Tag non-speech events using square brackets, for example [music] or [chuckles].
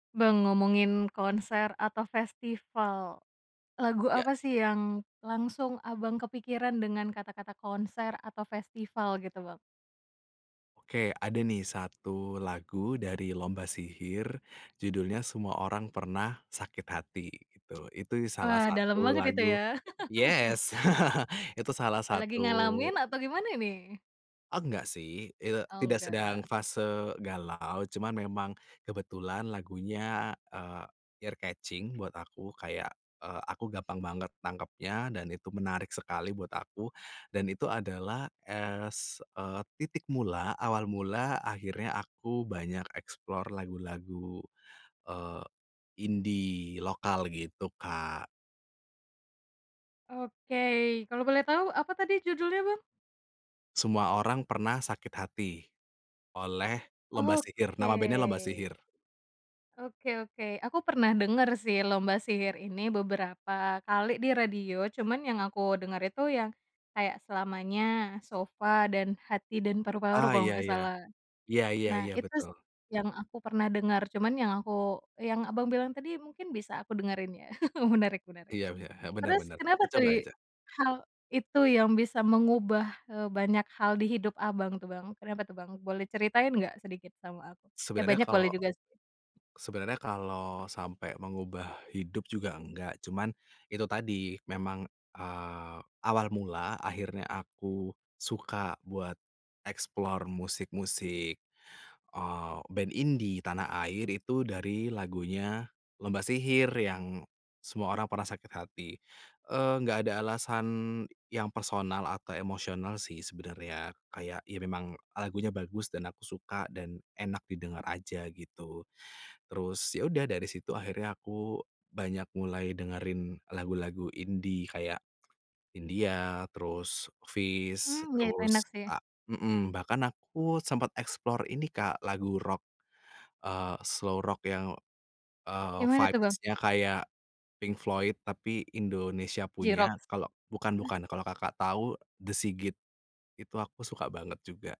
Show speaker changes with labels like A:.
A: Bang, ngomongin konser atau festival, lagu
B: Ya.
A: apa sih yang langsung Abang kepikiran dengan kata-kata konser atau festival gitu Bang?
B: Oke. Ada nih satu lagu dari Lomba Sihir, judulnya "Semua Orang Pernah Sakit Hati," itu. Itu salah
A: Wah, dalem
B: satu
A: banget itu
B: lagu
A: ya? [laughs]
B: yes, [laughs] itu salah
A: Oh, lagi
B: satu
A: ngalamin atau gimana ini?
B: Enggak sih. Eee,
A: Oh
B: tidak sedang
A: enggak.
B: fase galau, cuman memang kebetulan lagunya, eee, ear-catching buat aku, kayak, eee, aku gampang banget nangkepnya, dan itu menarik sekali buat aku. Dan itu adalah as, eee, titik mula, awal mula akhirnya aku banyak explore lagu-lagu, eee, indie lokal, gitu Kak.
A: Oke. Kalau boleh tahu, apa tadi judulnya Bang?
B: "Semua Orang Pernah Sakit Hati," oleh Lomba Sihir.
A: Oke.
B: Nama band-nya Lomba Sihir.
A: Oke oke. Aku pernah dengar sih Lomba Sihir ini beberapa kali di radio, cuman yang aku dengar itu yang kayak, "Selamanya," "Sofa" dan "Hati dan Paru-Paru"
B: Ah,
A: kalau
B: iya
A: nggak
B: Iya.
A: salah.
B: Iya iya
A: Nah,
B: iya,
A: itu
B: betul.
A: sih yang aku pernah dengar. Cuman yang aku yang Abang bilang tadi mungkin bisa aku dengerin ya? [chuckles] Menarik menarik.
B: Iya bener, he benar
A: Terus
B: benar,
A: kenapa
B: dicoba
A: tadi,
B: aja.
A: hal, itu yang bisa mengubah, eee, banyak hal di hidup Abang tuh Bang, kenapa tuh Bang? Boleh ceritain nggak sedikit sama aku. Eh,
B: Sebenarnya
A: banyak
B: kalau
A: boleh juga sih.
B: sebenarnya kalau sampai mengubah hidup juga enggak, cuman, itu tadi memang, eee, awal mula, akhirnya aku suka buat explore musik-musik, eee, band indie tanah air, itu dari lagunya Lomba Sihir, yang "Semua Orang Pernah Sakit Hati." Eee, nggak ada alasan yang personal atau emosional sih sebenarnya. Kayak ya, memang lagunya bagus dan aku suka dan enak didengar aja, gitu. Terus, ya udah dari situ akhirnya aku banyak mulai dengerin lagu-lagu indie kayak, Hindia, terus Feast,
A: Mmm, iya itu enak
B: terus
A: sih.
B: a hmm. Bahkan aku sempet explore ini Kak, lagu rock, eee, slow rock yang, eee,
A: Gimana tuh Bang?
B: vibes-nya kayak Pink Floyd, tapi Indonesia punya,
A: J-Rocks?
B: kalau
A: Ah.
B: bukan-bukan, kalau Kakak tahu The S.I.G.I.T. Itu aku suka banget juga.